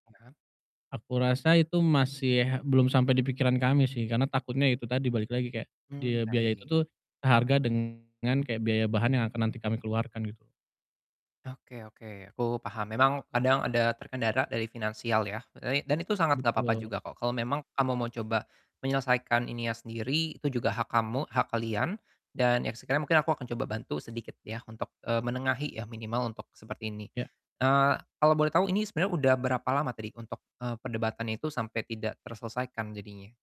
Padahal Aku rasa itu masih belum sampai di pikiran kami sih, karena takutnya ya itu tadi, balik lagi kayak Mmm, dia biaya itu baik. tuh seharga dengan kayak biaya bahan yang akan nanti kami keluarkan, gitu. Oke oke, aku paham. Memang kadang ada terkendala dari finansial ya, dan i dan itu sangat gak apa-apa Betul. juga kok, kalau memang kamu mau coba menyelesaikan ininya sendiri, itu juga hak kamu, hak kalian, dan ya sekiranya mungkin aku akan coba bantu sedikit ya untuk, eee, menengahi ya minimal untuk seperti ini, Iya. eee, kalau boleh tahu ini sebenarnya udah berapa lama tadi untuk, eee, perdebatan itu sampai tidak terselesaikan jadinya?